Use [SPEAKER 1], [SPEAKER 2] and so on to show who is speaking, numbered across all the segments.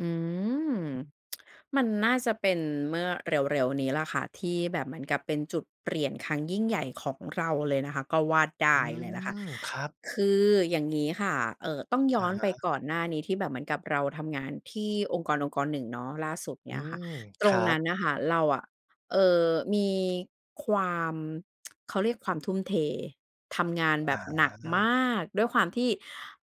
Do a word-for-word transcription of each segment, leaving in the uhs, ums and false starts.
[SPEAKER 1] อืม มันน่าจะเป็นเมื่อเร็ว ๆ นี้ล่ะค่ะ ที่แบบเหมือนกับเป็นจุดเปลี่ยนครั้งยิ่งใหญ่ของเราเลยนะคะ ก็ว่าได
[SPEAKER 2] อื
[SPEAKER 1] ้เลยล่ะค่ะ
[SPEAKER 2] ม ครับ
[SPEAKER 1] คืออย่างงี้ค่ะ เอ่อ ต้องย
[SPEAKER 2] อ
[SPEAKER 1] ้
[SPEAKER 2] ะ
[SPEAKER 1] อน
[SPEAKER 2] ฮ
[SPEAKER 1] ไป
[SPEAKER 2] ะ
[SPEAKER 1] ก่อนหน้านี้ที่แบบเหมือนกับเราทำงานที่องค์กรองค์กรหนึ่งเนาะ ล่าสุด
[SPEAKER 2] อื
[SPEAKER 1] เนี่ยค่ะ
[SPEAKER 2] ม
[SPEAKER 1] ต
[SPEAKER 2] ค
[SPEAKER 1] ร
[SPEAKER 2] ร
[SPEAKER 1] ง
[SPEAKER 2] ั
[SPEAKER 1] นั
[SPEAKER 2] บ
[SPEAKER 1] ้นน่ะค่ะเราอะ เอ่อ มีความ เขาเรียกความทุ่มเททำงานแบ
[SPEAKER 2] อ
[SPEAKER 1] บหนักม
[SPEAKER 2] า
[SPEAKER 1] ากด้วยความที่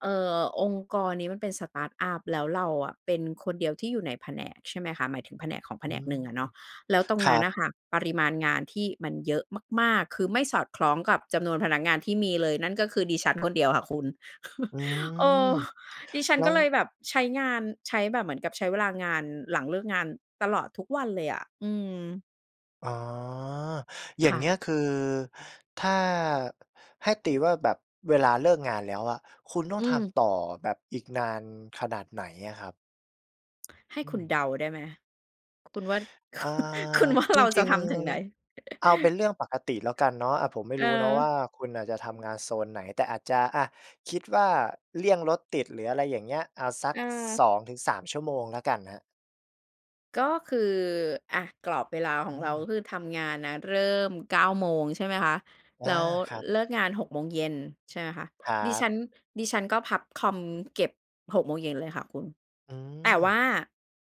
[SPEAKER 1] เอ่อ องค์กรนี้มันเป็นสตาร์ตอัป แล้วเราอะเป็นคนเดียวที่อยู่ในแผนก ใช่ไหมคะ หมายถึงแผนกของแผ
[SPEAKER 2] อื
[SPEAKER 1] นก
[SPEAKER 2] ม
[SPEAKER 1] หนึ่งอะเนาะ แล้วตร
[SPEAKER 2] ค
[SPEAKER 1] ง
[SPEAKER 2] ร
[SPEAKER 1] น
[SPEAKER 2] ั
[SPEAKER 1] ั้นน
[SPEAKER 2] บ
[SPEAKER 1] ่ะค่ะ ปริมาณงานที่มันเยอะมาก ๆ คือไม่สอดคล้องกับจำนวนพนักงานที่มีเลย นั่นก็คือดิฉันคนเดียวค่ะคุณ
[SPEAKER 2] อื
[SPEAKER 1] เอ
[SPEAKER 2] ม
[SPEAKER 1] อ ดิฉั
[SPEAKER 2] แ
[SPEAKER 1] น
[SPEAKER 2] ล้
[SPEAKER 1] ก็
[SPEAKER 2] ว
[SPEAKER 1] เลยแบบใช้งาน ใช้แบบเหมือนกับใช้เวลางาน หลังเลิกงานตลอดทุกวันเลยอะ อืม
[SPEAKER 2] อ๋อ อย่า
[SPEAKER 1] ค
[SPEAKER 2] ง
[SPEAKER 1] ่
[SPEAKER 2] เงี้
[SPEAKER 1] ะ
[SPEAKER 2] ยคือถ้าให้ตีว่าแบบเวลาเลิกงานแล้วอะ คุณต้อ
[SPEAKER 1] อ
[SPEAKER 2] ง
[SPEAKER 1] ื
[SPEAKER 2] ท
[SPEAKER 1] ม
[SPEAKER 2] ำต่อแบบอีกนานขนาดไหนอะครับ?
[SPEAKER 1] ให้
[SPEAKER 2] อื
[SPEAKER 1] คุณ
[SPEAKER 2] ม
[SPEAKER 1] เดาได้ไหม? คุณว่า
[SPEAKER 2] อ่า
[SPEAKER 1] คุณว่า
[SPEAKER 2] จ
[SPEAKER 1] เราจ
[SPEAKER 2] ริ
[SPEAKER 1] ะ
[SPEAKER 2] ง
[SPEAKER 1] ทำถึงไหน?
[SPEAKER 2] ๆ เอาเป็นเรื่องปกติแล้วกันเนาะ อ่า ผมไม่
[SPEAKER 1] เอ
[SPEAKER 2] ร
[SPEAKER 1] อ
[SPEAKER 2] ู้เนาะว่า คุณน่ะจะทำงานโซนไหน แต่อาจจะ อะ คิดว่าเลี่ยงรถติดหรืออะไรอย่างเงี้ย เอาสัก ส
[SPEAKER 1] เออ
[SPEAKER 2] องถึงสาม ชั่วโมงแล้วกันครับ
[SPEAKER 1] ก็คือ อะ กรอบเวลาข
[SPEAKER 2] อ
[SPEAKER 1] องเรา
[SPEAKER 2] ืม
[SPEAKER 1] ก็คือทำงานนะเริ่ม เก้า โมง ใช่ไหมคะ
[SPEAKER 2] อา
[SPEAKER 1] แล้ว
[SPEAKER 2] ครับ
[SPEAKER 1] เลิกงาน หก โมงเย็น ใช่ไหมคะ
[SPEAKER 2] ครั
[SPEAKER 1] ดิฉั
[SPEAKER 2] บ
[SPEAKER 1] น ดิฉันก็พับคอมเก็บ หก โมงเลยค่ะคุณ
[SPEAKER 2] อื
[SPEAKER 1] แต่ว
[SPEAKER 2] ม
[SPEAKER 1] ่า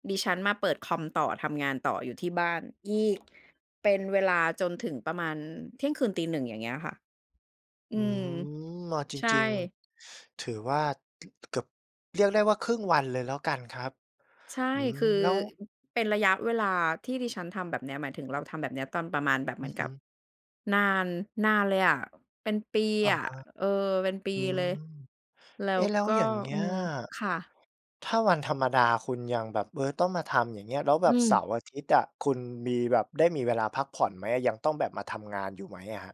[SPEAKER 1] ดิฉันมาเปิดคอมต่อ ทำงานต่ออยู่ที่บ้านอีก เป็นเวลาจนถึงประมาณที่ยงคืนตี หนึ่ง อย่างเงี้ยค่ะ อ
[SPEAKER 2] อ
[SPEAKER 1] ื
[SPEAKER 2] ื
[SPEAKER 1] ม
[SPEAKER 2] ม เอาจ
[SPEAKER 1] ใช่
[SPEAKER 2] ริง ๆ ถือว่า ก เกือบ เรียกได้ว่าครึ่งวันเลยแล้วกันครับ
[SPEAKER 1] ใช่
[SPEAKER 2] อื
[SPEAKER 1] คือ
[SPEAKER 2] ม แล้ว
[SPEAKER 1] เป็นระยะเวลาที่ดิฉันทำแบบเนี้ย หมายถึงเราทำแบบเนี้ยตอนประมาณแบบเ
[SPEAKER 2] อ
[SPEAKER 1] ห
[SPEAKER 2] ื
[SPEAKER 1] มื
[SPEAKER 2] อ
[SPEAKER 1] อน
[SPEAKER 2] ฮ
[SPEAKER 1] กับ
[SPEAKER 2] ึ
[SPEAKER 1] นาน นานเลยอะ เป็นปี
[SPEAKER 2] อะ
[SPEAKER 1] อะ
[SPEAKER 2] ฮะ
[SPEAKER 1] เออ เป็นปี
[SPEAKER 2] อื
[SPEAKER 1] เล
[SPEAKER 2] ม
[SPEAKER 1] ย แล้
[SPEAKER 2] เอ๊
[SPEAKER 1] ว
[SPEAKER 2] ะ! แล้ว
[SPEAKER 1] ก็
[SPEAKER 2] อย่างเงี
[SPEAKER 1] อ
[SPEAKER 2] ้
[SPEAKER 1] ื
[SPEAKER 2] ย
[SPEAKER 1] ม ค่ะ
[SPEAKER 2] ถ้าวันธรรมดาคุณยังแบบ เออ ต้องมาทำอย่างเงี้ย แล้วแ
[SPEAKER 1] อ
[SPEAKER 2] บ
[SPEAKER 1] ื
[SPEAKER 2] บ
[SPEAKER 1] ม
[SPEAKER 2] เสาร์อาทิตย์อะ คุณมีแบบ ได้มีเวลาพักผ่อนไหมอะ? ยังต้องแบบมาทำงานอยู่ไหมครับ?